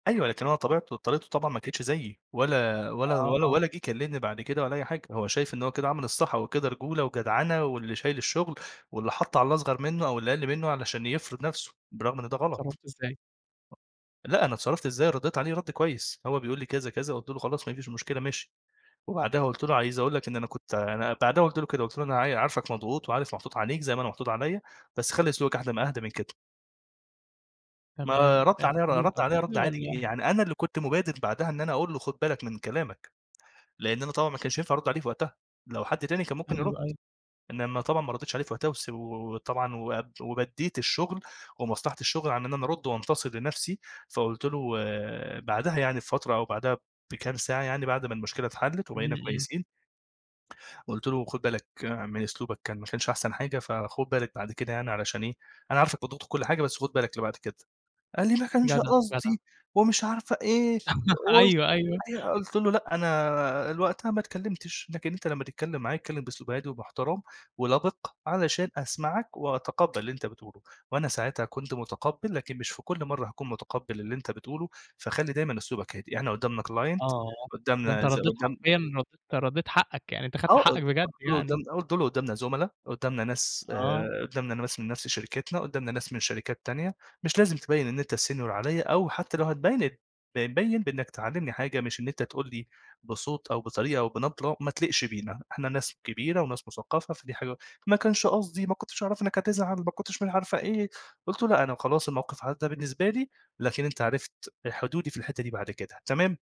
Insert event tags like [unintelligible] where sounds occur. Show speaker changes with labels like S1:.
S1: أيوة. لكن هو طبيعته طريقته طبعًا ما كانتش زيّي، ولا ولا
S2: آه،
S1: ولا
S2: آه.
S1: ولا جِه كلّمني بعد كده ولا أي حاجة، هو شايف إن هو كده عمل الصح، هو كده رجولة وجدعنة واللي شايل الشغل، واللي حَط على الأصغر منّه أو اللي أقَل منّه علشان يفرض نفسه برغم إن ده غلط.
S2: اتصرّفتوا إزاي؟
S1: لأ أنا اتصرّفت إزاي؟ ردّيت عليه رَد كويس. هو بيقول لي كذا، كذا. قُلت له: "خلاص ما فيش مشكلة ماشي." وبعدها قُلت له: "عايز أقول لك إن أنا كنت ع" أنا بعدها قُلت له كده قُلت له: "أنا عاي عارفك مضغوط وعارف محطوط عليك زي ما أنا محطوط عليّا، بس خلّي أسلوبك أهدا ما أهدا من كده." ما
S2: تمام.
S1: رَد عليّا ر
S2: اعتذر لك
S1: رَد عليّا رَد
S2: أوحاجة
S1: عادي.
S2: والّا؟
S1: يعني أنا اللي كنت مُبادِر بعدها إن أنا أقول له خُد بالك من كلامك. لإن أنا طبعًا ما كانش ينفع أرُد عليه في وقتها، لو حد تاني كان ممكن يرُد،
S2: أيوه، أيوه.
S1: إنّما طبعًا ما ردّيتش عليه في وقتها وس و وطبعًا واب وبدّيت الشغل ومصلحة الشغل عن إن أنا أرُد وأنتصر لنفسي، فقُلت له و بعدها يعني بفترة أو بعدها بكام ساعة يعني بعد ما المشكلة اتحلّت
S2: إمم،
S1: وبقينا
S2: إمم.
S1: كويسين. قُلت له: "خُد بالك من أسلوبك كان ما كانش أحسن حاجة فخُد بالك بعد كده يعني علشان إيه، أنا عارفك مضغوط وكل حاجة بس خُد بالك لبعد كده." قال لي: "ما كانش
S2: جدع، جدع.
S1: قصدي،" ومش عارفة إيه. [unintelligible]
S2: [laughs]
S1: قُلت
S2: أيوه، أيوه.
S1: أيوه. قُلت له: "لأ أنا ال وقتها ما اتكلّمتش، لكن أنت لمّا تتكلّم معايا اتكلّم بأسلوب هادي ومحترم ولَبِق علشان أسمعك، وأتقبّل اللي أنت بتقوله، وأنا ساعتها كنت مُتقبّل لكن مش في كل مرّة هاكون مُتقبّل اللي أنت بتقوله، فخلّي دايمًا أسلوبك هادي. إحنا قُدّامنا client
S2: آه. ده أنت
S1: قُدّامنا زي
S2: ردّيت
S1: قُدّام"
S2: حرفيًا رد أنت ردّيت حقّك يعني أنت خدت
S1: آه. أد
S2: حقّك بجد
S1: قُلت له قُدّام
S2: يعني.
S1: آه. قُلت له: "قُدّامنا زُملا، قُدّامنا ناس
S2: آه.
S1: آآ قُدّامنا ناس من نفس شركتنا، قُدّامنا ناس من شركات تانية، مش لازم تبيّن إن أنت senior عليّا أو حتّى لو هتبيّن ات ب بيّن بإنّك تعلّمني حاجة مش إن أنت تقول لي بصوت أو بطريقة أو بنبرة ما تليقش بينا، إحنا ناس كبيرة وناس مُثقّفة فدي حاجة ما كانش قصدي، ما كنتش أعرف إنّك هتزعل، ما كنتش مش عارفة إيه، قُلت له: "لأ أنا خلاص الموقف عدّى بالنسبة لي، لكن أنت عرفت ال حدودي في الحتّة دي بعد كده تمام؟"